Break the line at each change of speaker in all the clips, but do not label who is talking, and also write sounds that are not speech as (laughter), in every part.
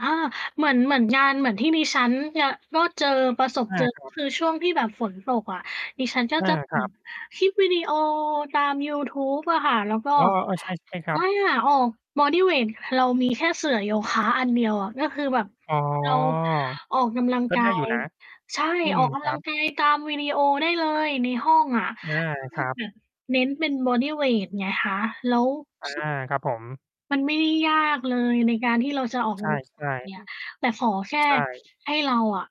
อา เหมือน เหมือน งาน เหมือนที่ดิฉัน จ ก็เจอ ประสบ
อ
เ
า
จอ
ค
ก
ร
็
ับ
คือช่วงที่แบบฝนตกอะ ดิฉันก็
อา
จะ
ค
อื
รั
ม
บ
คลิปวิดีโอตามยูทูบอะค่ะ แล้วก็
อ้อ เออ ใช่ ๆ คร
อ
ับ
า ออกบอดีเวต เรามี แค่เสื่อโยคะอันเดียวอะ ก็คือแบบ
อ๋อ
เราออกกำลัง
ก็
ก
ไ
า
ด้อยู่
ย
นะ
ใช่
อื
อ
ม
อกก
ค
ำ
ร
ล
ั
ัง
บ
กายตามวิดีโอได้เลยในห้องอะ
อา
ก็ค
ค
ือ
รั
แบ
บ
บเน้นเป็นบอดีเวตไงคะ แล้ว
อา
ซ
ครับผม
มันไม่ได้ยากเลย ในการที่เราจะออก
ใช
ก
่
ำลังกาย อะ แต่ขอแค่
ๆ ใช่
ให้เราอะ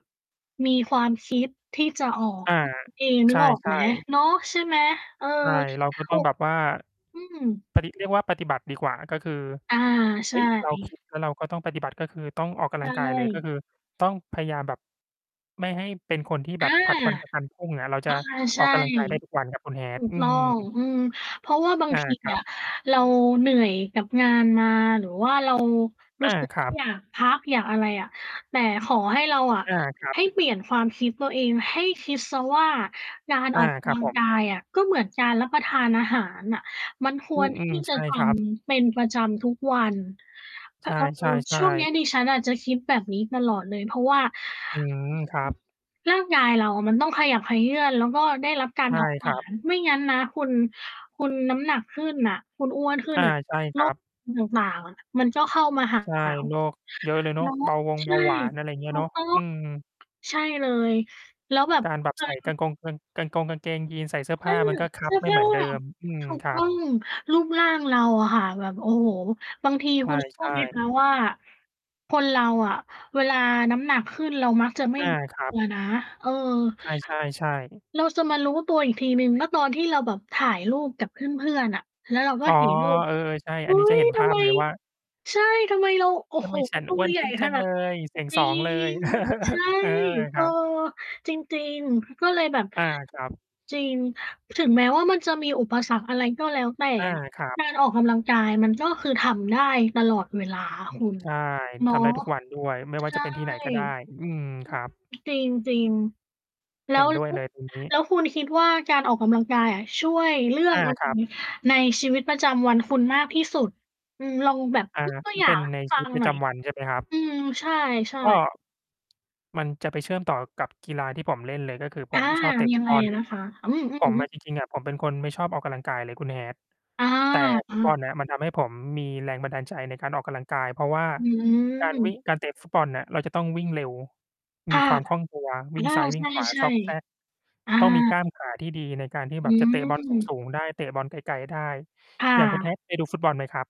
มีความคิด ที่จะออก
อา
แค่นั้น เอง
ใ
น
ช
ึกออกไห
่
ม
ๆ
เนาะ ใช่ไหม? เออ
ใช่ เราก็
โอ
ต้
้
องแบบว่า
อืม
พอดีที่เรียกว่าปฏิบัติดีกว่า ก็คือ
อา
เ
ใช
ฮ้ย! เรา ค
่
ิด แล้วเราก็ต้องปฏิบัติ ก็คือต้องออกก
ใช
ำลังกายเลย ก็
่
คือต้องพยายามแบบ ไม่ให้เป็นคนที่
อ
แบ
า
บผลัดวันประกั
อ
นพรุ่ง อ่า เราจะ
ะฮะ ใ
อ
ช
อ
่
กกำลังกายได้ทุกวันครับคุณ
ถู
Hat
ก
อื
ต้อง
ม
อือ เพราะว่าบาง
อา
ที
ครั
อะ
บ
เราเหนื่อยกับงานมา หรือว่าเรา รู
อ
้
า
สึก
ค
ว
ร
่า
ับ
อยาก พักอยากอะไรอะ แต่ขอให้เราอะ
อา ครั
ให้
บ
เปลี่ยนความคิดตัวเอง ให้คิดเสียว่า การ
อ
อ
า
อกก
คร
ำ
ั
ล
บ
ัง
ผ
กา
ม
ยอะก็เหมือนการ รับประทานอาหารน่ะ มันค
อื
ว
อ
ร
อื
ท
ม
ี่จ
ใช
ะ
่
ท
ครับ
ำ เป็นประจำทุกวัน แต่เผ
ใ
อ
ช
ิญช
่
่วงเนี้ย
ๆ
ด
ๆ
ิฉันน่ะ จะคิดแบบนี้ตลอดเลย เพราะว่า
อื
อ
ม ครั
อือ
บ
ร่างกายเราอะมันต้องขยับเขยื้อน แล้วก็ได้รับกา
ใ
ร
ช
เ
่
ผาผ
ค
ล
ร
า
ับ
ญ ไม่งั้นนะคุณ คุณน้ำหนักขึ้นน่ะ คุณอ้วนขึ้
อ
น
า
น่ะ
ใช่ค
โร
รั
ค
บ
อ ต่าง ๆ อะมันก็เข้ามา หา
ใช่ โรคเยอะเลยเนา
เน
ะ
าะ
เบาวง
ใ
เ
ช
บ
่
าหวาน อะไรเง
ถ
ี้ย
ู
เนา
ก
ะ
ต้อง
อืม
ใช่เลย แล้วแบบ
การแบบ
เค
ใส่ก
ย
างกงกาง กางกงกางเกงยีนส์ ใส่เสื้อ
เอ
ผ
อ
้ามันก็ค
เ
ั
สื
บ
้อ
ไม่
ผ้
เห
า
มือนเดิม อืม
ถูก
คร
ต
ั
้อ
บ
ง รูปร่างเราอะค่ะ แบบ โอ้โฮ บางที
ใ
คุณ เชื่อ
ช่
ไหม คะ
ๆ
ว่า คนเราอะเวลาน้ำหนักขึ้นเรามักจะไม่
อา
รู้
ครั
ต
บ
ัวนะ เออ
ใช่ ๆ ใช่
เราจะมารู้ตัวอีกทีหนึ่ง ก็ตอนที่เราแบบถ่ายรูปกับเพื่อน ๆ น่ะ แล้วเราก็
อ๋อ
เห็นรูป
เออ ๆ ใช่
"อ
อ
ุ
ั
๊
นนี้จะ
ย
เห็นภ
ท
า
ำไ
พ
ม"
เลยว่า
ใช่ "ทำไมเรา โอ้
"ทำ
โฮ
ไมฉัน
ตั
อ้
ว
วน
ใหญ
ข
่
ึ้นจ
ข
ัง
นา
เล
ด"
ย?" เสียง
จร
ส
ิ
องเลย
ง ใช่
(chuckles) เออ ค
เออ
รับ
จริง ๆ ก็เลยแบบ
อา ครับ
จริง ถึงแม้ว่ามันจะมีอุปสรรค อะไรก็แล้วแต่
อา
อะ
ครับ
การออกกำลังกาย มันก็คือทำได้ตลอดเวลา คุณ
ใช่
เนา
ท
ะ
ำได้ทุกวันด้วย ไม่ว่
ใ
า
ช
จะ
่
เป็นที่ไหนก็ได้ อืม ครับ
อือ จริง จริง แล้
เห็
ว
นด้วยเลยทีนี้
แล้วคุณคิดว่า การออกกำลังกายอะ ช่วยเรื่อ
อ
ง
า
อะไร
ครับ
ในชีวิตประจำวันคุณมากที่สุด? อืม ลองแบบ
อ่า
ยกตัว
มั
อ
น
ย่
เ
า
ป็น
ง
ใ
ใ
น
ห้
ช
ฟ
ี
ั
วิต
ง
ปร
ห
ะ
น
จ
่อย
ำวันใช่ไหมครับ?
อืม ใช่
ก็
ๆ
มันจะไปเชื่อมต่อกับกีฬาที่ผมเล่นเลย ก็คือ
อ
ผ
า
มชอบเตะ
ย
ฟ
ั
ุ
ง
ต
ไง
บอล
นะคะ? อืม ๆ อื
ผ
อ
ม
ฮึ
อะ จริง ๆ อะ ผมเป็นคนไม่ชอบออกกำลังกายเลยคุณ Hat
อา
แต่
อ
ฟุต บ
า
อลเนี่ย มันทำให้ผมมีแรงบันดาลใจในการออกกำลังกาย เพราะว่า
อื
การ วิ
ม
่ง การเตะฟุตบอลอะ เราจะต้องวิ่งเร็ว
ค
มี
่ะ
ความคล่องตัว
อ
วิ่ง
า
ซ้าย ว
ใ
ิ่งขวา
ช่
ซอกแซก
ๆ อา
ต้องมีกล้ามขาที่ดีในการที่
อ
แบ
ื
บจะ เตะ บอลส
ม
ูง ๆ ได้ เตะบอลไกล ๆ ได้
ค่
อย่างคุณ
ะ
Hat เคยดูฟุตบอลไหมครับ?